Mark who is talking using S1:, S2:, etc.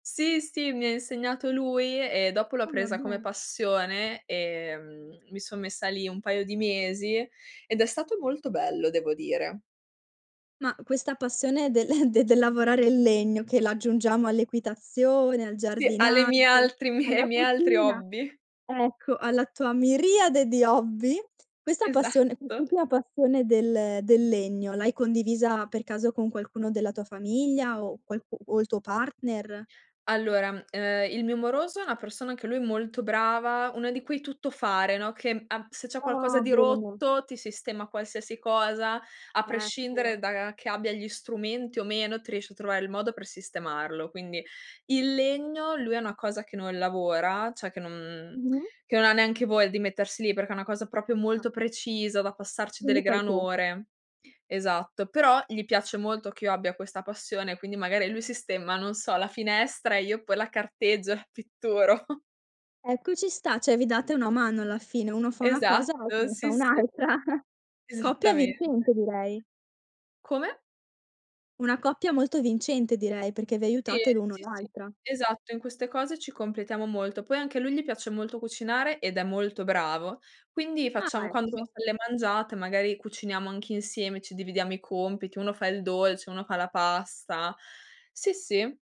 S1: Sì, sì, mi ha insegnato lui e dopo l'ho
S2: Ah, va
S1: presa come
S2: bene.
S1: passione, ehm, mi son messa lì un paio di mesi, ed è stato molto bello devo dire.
S2: Ma questa passione del de del lavorare il legno che l'aggiungiamo all'equitazione, al
S1: Sì, alle mie
S2: giardinaggio,
S1: altri mi ai
S2: alla
S1: miei altri
S2: cucina
S1: hobby.
S2: ecco, alla tua miriade di hobby. Questa passione,
S1: Esatto.
S2: quest'ultima passione del del legno, l'hai condivisa per caso con qualcuno della tua famiglia o qualcu o il tuo partner?
S1: Allora, ehm, il mio moroso è una persona anche lui molto brava, una di quei tuttofare, no, che a se c'è qualcosa
S2: Ah,
S1: di
S2: bene.
S1: rotto ti sistema qualsiasi cosa a prescindere
S2: Certo.
S1: da che abbia gli strumenti o meno, ti riesce a trovare il modo per sistemarlo. Quindi, il legno lui è una cosa che non lavora, cioè che non
S2: Mh-mh.
S1: che non ha neanche voglia di mettersi lì, perché è una cosa proprio
S2: Ah,
S1: molto
S2: sì?
S1: precisa da passarci delle
S2: Quindi fai
S1: gran
S2: tu.
S1: ore Esatto. Però gli piace molto che io abbia questa passione, quindi magari lui sistema, non so, la finestra e io poi la carteggio e pitturo.
S2: Ecco ci sta, cioè vi date una mano alla fine, uno fa una cosa, l'altro
S1: Esatto,
S2: ne fa
S1: sì, sì.
S2: un'altra. Coppia
S1: Esattamen
S2: vincente direi.
S1: Come?
S2: Una coppia molto vincente direi, perché vi
S1: Sì,
S2: aiutate l'uno
S1: sì, sì,
S2: l'altra.
S1: esatto. In queste cose ci completiamo molto. Poi anche a lui gli piace molto cucinare ed è molto bravo. Quindi facciamo
S2: Ah,
S1: quando ci
S2: ecco.
S1: facciamo le mangiate, magari cuciniamo anche insieme, ci dividiamo i compiti: uno fa il dolce, uno fa la pasta sì, sì.